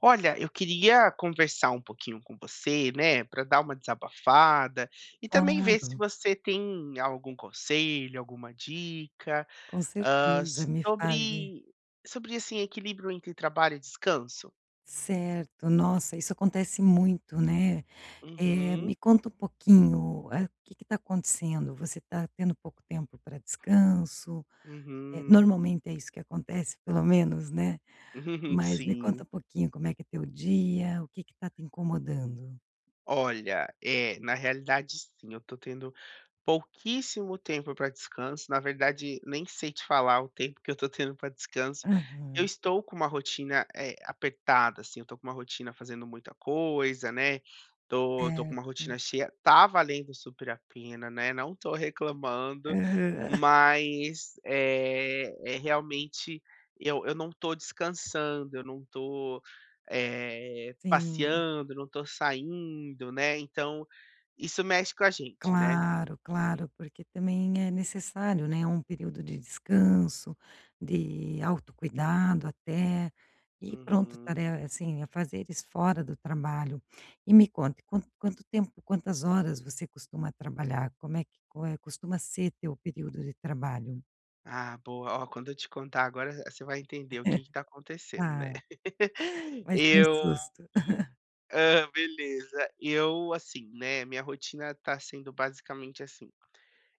Olha, eu queria conversar um pouquinho com você, né, pra dar uma desabafada e também ver se Claro. você tem algum conselho, alguma dica, Com ah, certeza. Me fale. sobre sobre, assim, equilíbrio entre trabalho e descanso. Certo. Nossa, isso acontece muito, né. Eh, me Uhum. conta um pouquinho, hã, o que que tá acontecendo? Você tá tendo pouco tempo pra descanso? Eh, Uhum. normalmente é isso que acontece, pelo menos, né. Mas me conta Sim. um pouquinho como é que é teu dia? O que que tá te incomodando? Olha, eh, na realidade, sim. Eu tô tendo pouquíssimo tempo pra descanso. Na verdade, nem sei te falar o tempo que eu tô tendo pra descanso. Eu Aham. estou com uma rotina, eh, apertada, assim. Eu tô com uma rotina fazendo muita coisa, né. Tô tô com uma Certo. rotina cheia. Tá valendo super a pena, né. Não tô reclamando. Aham. Mas, eh eh, realmente eu eu não tô descansando. Eu não tô, eh, Sim. passeando. Eu não tô saindo, né. Então, isso mexe com a gente, né. Claro, claro, porque também é necessário, né. É um período de descanso, de autocuidado, até. E pronto. Uhum. [unintelligible] assim, afazeres fora do trabalho. E me conte. Quanto quanto tempo; quantas horas você costuma trabalhar? Como é que come é que costuma ser o teu período de trabalho? Ah, boa. Ó, quando eu te contar agora v você vai entender o que que tá acontecendo, né. Tá. Vai ser um Eu, hum, susto. hã, beleza. Eu, assim, né. Minha rotina tá sendo basicamente assim.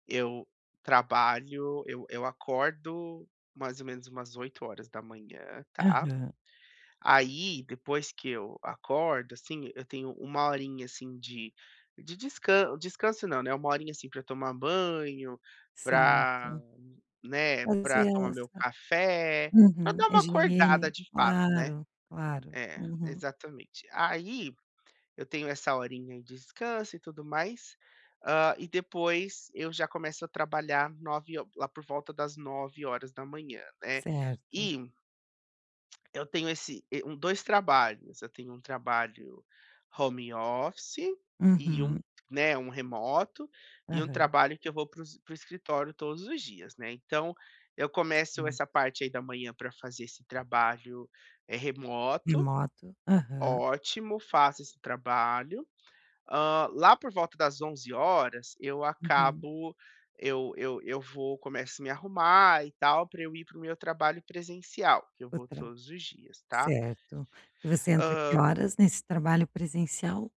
Eu trabalho eu eu acordo, mais ou menos umas 8h. Tá. Aham. Aí, depois que eu acordo, assim, eu tenho 1 horinha assim de de descan descanso não, né, 1 horinha, assim, pra eu tomar banho pra Certo. né, pra tomar meu [unintelligible] café. Pra .Uhum. dar uma acordada Higiene. de fato, né. Claro. Claro. É. Uhum. Exatamente. Aí eu tenho essa horinha de descanso e tudo mais. Hã, e depois eu já começo a trabalhar 9 ho lá por volta das 9h, né. Certo. E ...eu tenho esse e um 2 trabalhos. Eu tenho um trabalho home office e um, Uhum. né, um remoto e um Aham. trabalho que eu vou para os para o escritório todos os dias, né. Então, eu começo Né. essa parte aí da manhã pra fazer esse trabalho, eh, remoto. Remoto? Aham. Ótimo. Faço esse trabalho. Hã, lá por volta das 11h eu Uhum. acabo eu eu eu vou começo a me arrumar e tal pra eu ir para o meu trabalho presencial, que eu vou Outra. todos os dias, tá. Certo. E você entra que Hã horas nesse trabalho presencial?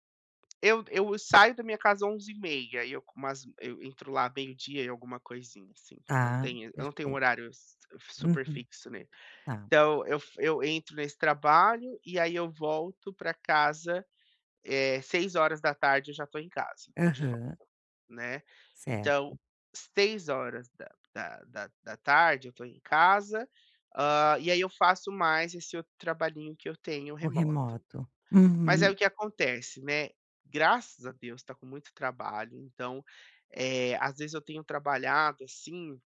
Eu eu saio da minha casa 11h30 e eu com umas eu entro lá meio-dia e alguma coisinha assim, não Tá. tenho eu não tenho um Perfeito. horário s super Uhum. fixo, né, Tá. então eu f eu entro nesse trabalho, e aí eu volto pra casa, eh, 18h eu já tô em casa de volta, Aham. né, Certo. então, 18h horas da da da da tarde eu tô em casa, hã, e aí eu faço mais esse outro trabalhinho que eu tenho O remoto, remoto. mas aí, Uhum. o que acontece, né, graças a Deus tá com muito trabalho, então, eh, às vezes, eu tenho trabalhado, assim,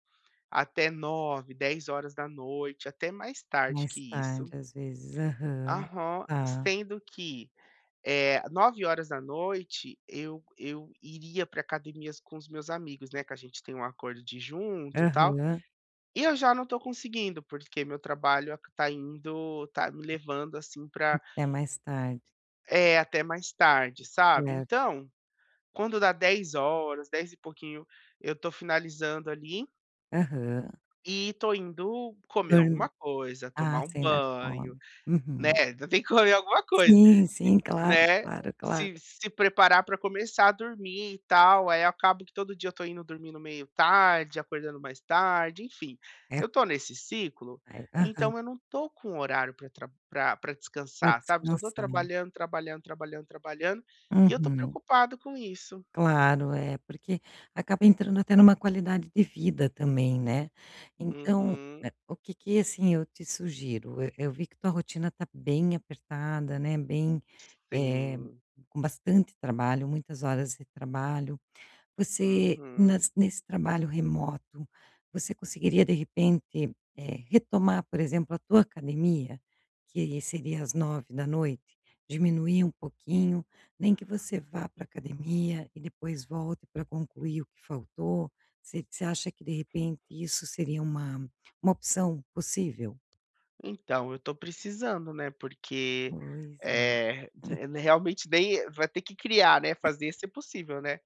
até 21h, 22h horas da noite, até mais tarde Mais que tarde isso. às vezes. Aham. Aham. Tá. Sendo que, eh, 21h eu eu iria para academias com os meus amigos, né, que a gente tem um acordo de ir junto e tal, Aham. e eu já não estou conseguindo, porque meu trabalho aq tá indo está me levando assim pra Até mais tarde. É, até mais tarde, sabe. Certo. Então, quando dá 22h, dez e pouquinho, eu estou finalizando ali Aham. E estou indo comer alguma coisa, tomar Ah, um você ainda banho, come. né, Uhum. [unintelligible] tem que comer alguma coisa. Sim, Sim. sim. Claro, Né. claro, claro. Se se preparar para começar a dormir e tal, aí eu acabo que todo dia eu estou indo dormindo meio tarde, acordando mais tarde, enfim. É Eu estou nesse ciclo, Aí aham. então eu não estou com um horário para tra pra pra Para descansar, sabe. Só estou descansar. trabalhando, trabalhando, trabalhando, trabalhando e eu estou Uhum. preocupado com isso. Claro, é. Porque acaba entrando até numa qualidade de vida também, né. Então, Uhum. eh, o que que, assim, eu te sugiro, e eu vi que tua rotina está bem apertada, né, bem, eh, Sim. com bastante trabalho, muitas horas de trabalho. Você Uhum. nas nesse trabalho remoto, você conseguiria, de repente, eh, retomar, por exemplo, a tua academia, que seria às 21h? Diminuir um pouquinho. Nem que você vá para a academia e depois volte para concluir o que faltou. Você você acha que, de repente, isso seria uma uma opção possível? Então, eu estou precisando, né, porque, Pois é. eh, Hum. realmente nem vai ter que criar, né, fazer esse possível, né,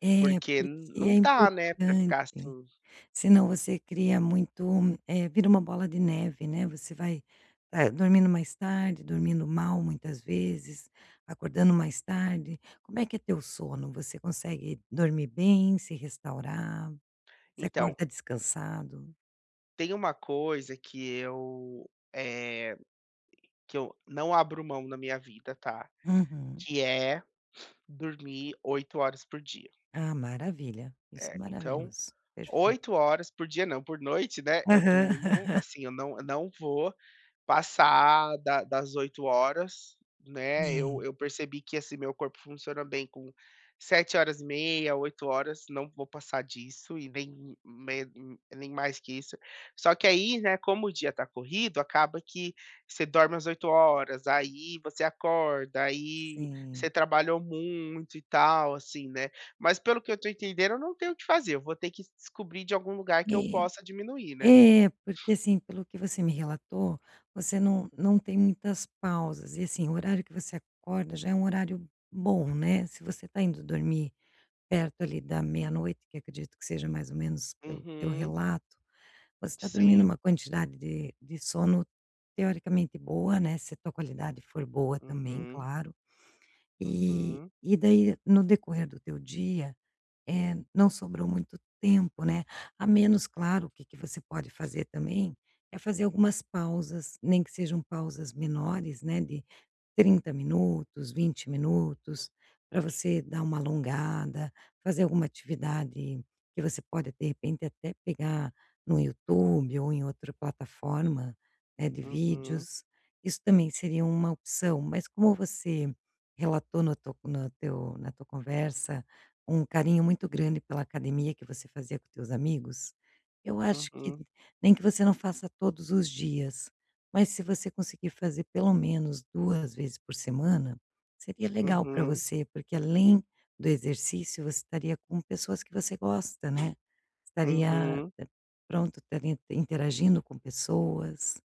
É, porque porque é não dá, né, pra ficar importante, assim. senão você cria muito eh, vira uma bola de neve, né, você vai, eh, dormindo mais tarde, dormindo mal muitas vezes, acordando mais tarde. Como é que é teu sono? Você consegue dormir bem, se restaurar? Você Então acorda descansado? tem uma coisa que eu, eh, que eu não abro mão na minha vida, tá, Uhum. que é dormir 8 horas por dia. Ah, maravilha. Isso é É, então. maravilhoso. Perfeito. 8 horas por dia não, por noite, né. Eu durmo Aham. assim, eu não eu não vou passar da das 8 horas, né. É. Eu eu percebi que, assim, meu corpo funciona bem com 7 horas e meia, 8 horas. Não vou passar disso e nem me nem mais que isso. Só que aí, né, como o dia tá corrido, acaba que você dorme as 8 horas, aí você acorda, aí você Sim. trabalhou muito e tal, assim, né. Mas, pelo que eu estou entendendo, eu não tenho o que fazer, eu vou ter que descobrir de algum lugar que eu possa diminuir, né. É. É. Porque, assim, pelo que você me relatou, você não não tem muitas pausas. E, assim, o horário que você acorda já é um horário bom, né. Se você está indo dormir perto ali da meia-noite, que acredito que seja mais ou menos pelo teu Uhum. relato, você está dormindo Sim. uma quantidade de de sono, teoricamente, boa, né, se a tua qualidade for boa também, Uhum. claro. E Uhum. e daí, no decorrer do teu dia, eh, não sobrou muito tempo, né, a menos, claro o que que você pode fazer também, é fazer algumas pausas, nem que sejam pausas menores, né, de 30 minutos, 20 minutos, para você dar uma alongada, fazer alguma atividade que você pode, de repente, até pegar no YouTube ou em outra plataforma, né, de Uhum. vídeos, isso também seria uma opção. Mas, como você relatou no tu no teu na tua conversa um carinho muito grande pela academia que você fazia com os teus amigos, eu acho que Uhum. nem que você não faça todos os dias, mas se você conseguir fazer pelo menos 2 vezes por semana, seria legal para Uhum. você, porque, além do exercício, você estaria com pessoas que você gosta, né, estaria Uhum. pronto, estaria interagindo com pessoas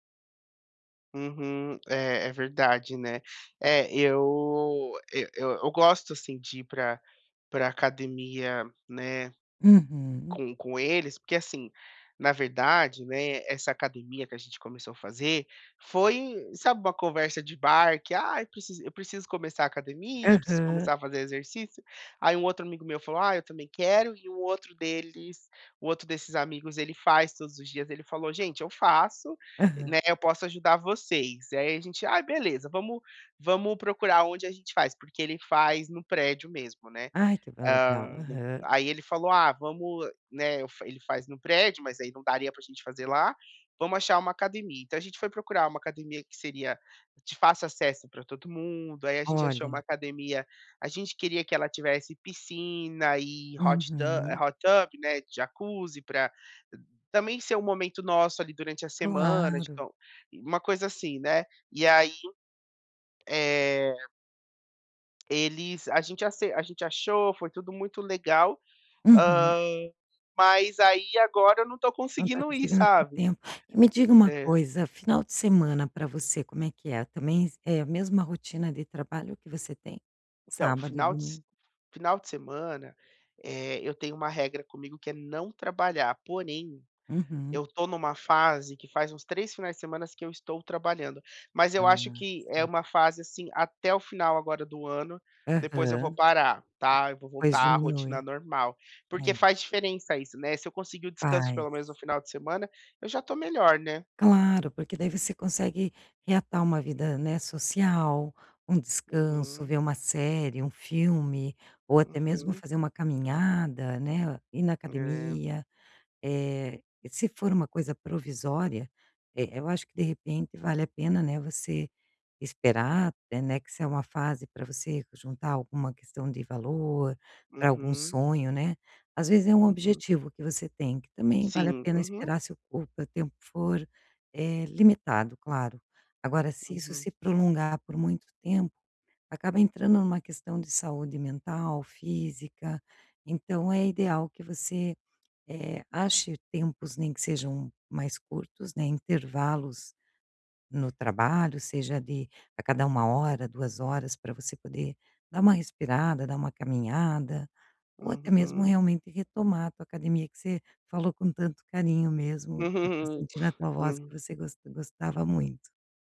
Uhum. É, é verdade, né. É, eu eu eu eu gosto, assim, de ir para para a academia, né, Uhum. com com eles, porque, assim, na verdade, né, essa academia que a gente começou a fazer foi sabe uma conversa de bar que: "Ah, eu precis eu preciso começar a academia, eu preciso Aham. começar a fazer exercício", aí um outro amigo meu falou: "Ai, eu também quero", e um outro deles o outro desses amigos, ele faz todos os dias, ele falou: "Gente, eu faço", Aham. né, "Eu posso ajudar vocês". E aí a gente: "Ah, beleza, vamos vamos procurar onde a gente faz", porque ele faz no prédio mesmo, né, Ai que vai legal, hã, da aham. aí ele falou: "Ah, vamos", né, eu fa ele faz no prédio, mas aí não daria pra a gente fazer lá, "Vamos achar uma academia", então a gente foi procurar uma academia que seria de fácil acesso para todo mundo. Aí a gente achou uma Olha. academia a gente queria que ela tivesse piscina e hot tu Uhum. hot tub, né, jacuzzi, pra também ser um momento nosso, ali, durante a semana de Claro. então uma coisa assim, né, e aí, eh Eles a gente ac a gente achou, foi tudo muito legal, Uhum. hã, mas aí agora eu não tô Não tá conseguindo ir, conseguindo ter sabe. tempo. E, me diga uma É. coisa, final de semana pra você, como é que é? Também é a mesma rotina de trabalho que você tem? Então, Sábado e final de s domingo. final de semana, eh, eu tenho uma regra comigo que é não trabalhar, porém, Uhum. eu tô numa fase que faz uns 3 finais de semana que eu estou trabalhando, mas eu acho Ah, que é sim. uma fase, assim, até o final agora do ano, depois eu vou Aham. parar, tá, eu vou Pois voltar à rotina diminui. normal, porque É. faz diferença isso, né, se eu conseguir o descanso Faz. pelo menos no final de semana, eu já tô melhor, né. Claro, porque daí você consegue reatar uma vida, né, social, um descanso, Uhum. ver uma série, um filme ou até mesmo Uhum. fazer uma caminhada, né, ir na É. academia eh, se for uma coisa provisória, eh, eu acho que, de repente, vale a pena, né, você esperar até, né, que se é uma fase pra você juntar alguma questão de valor pra algum Uhum. sonho, né, às vezes é um Uhum. objetivo que você tem que também vale a Sim. pena Uhum. esperar, se o tempo for, eh, limitado, claro. Agora, se isso Uhum. se prolongar por muito tempo, acaba entrando numa questão de saúde mental, física, então é ideal que você, eh, ache tempos em que sejam mais curtos, né, intervalos no trabalho, seja de a cada 1 hora, 2 horas pra você poder dar uma respirada, dar uma caminhada ou Uhu até mesmo Uhum. realmente retomar a tua academia que você falou com tanto carinho mesmo, dá pra sentir na tua voz que Hum. você gost gostava muito.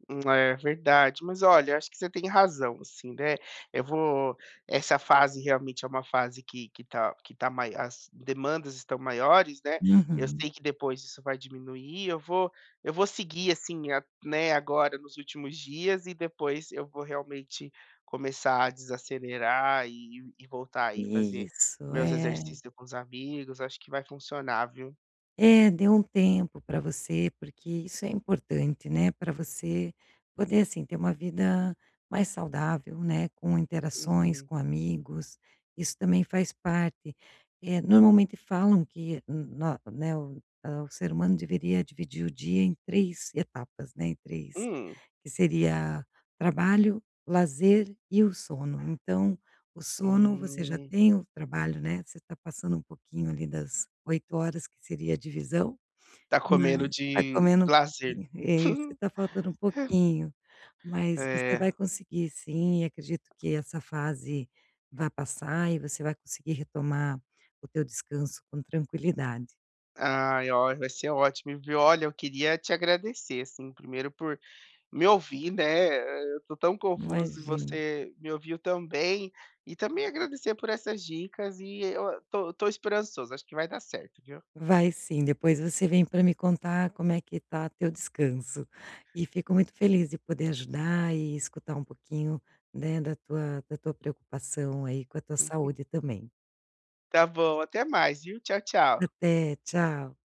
Hum, é, verdade. Mas, olha, eu acho que você tem razão sim, né, eu vou essa fase realmente é uma fase que que tá que tá mai as demandas estão maiores, né, eu Uhum. sei que depois isso vai diminuir, eu vou eu vou seguir, assim, a né, agora nos últimos dias e depois eu vou realmente começar a desacelerar e e voltar aí e fazer Isso. meus É. exercícios com os amigos, acho que vai funcionar, viu. É. Dê um tempo pra você, porque isso é importante, né, pra você poder, assim, ter uma vida mais saudável, né, com interações Uhum. com amigos, isso também faz parte. Eh, normalmente falam que, n no né, hã, o ser humano deveria dividir o dia em 3 etapas, né, em 3 Hum. que seria: trabalho, lazer e o sono. Então, o sono você já Hum. tem, o trabalho, né, você tá passando um pouquinho ali das 8 horas que seria a divisão, Tá comendo mas tá de comendo um lazer. pouquinho é, isso, tá faltando um É. pouquinho. Mas você É. vai conseguir sim, acredito que essa fase vai passar e você vai conseguir retomar o teu descanso com tranquilidade. Ai, ó, vai ser ótimo, viu, olha eu queria te agradecer, assim, primeiro por me ouvir, né, eh, eu tô tão confuso e Imagina. você me ouviu tão bem, e também agradecer por essas dicas, e eu o tô tô esperançoso, acho que vai dar certo, viu. Vai sim. Depois você vem pra me contar como é que tá o teu descanso. E fico muito feliz em poder ajudar e escutar um pouquinho, né, da tua da tua preocupação aí com a tua Uhum. saúde também. Tá bom. Até mais, viu. Tchau, tchau. Até. Tchau.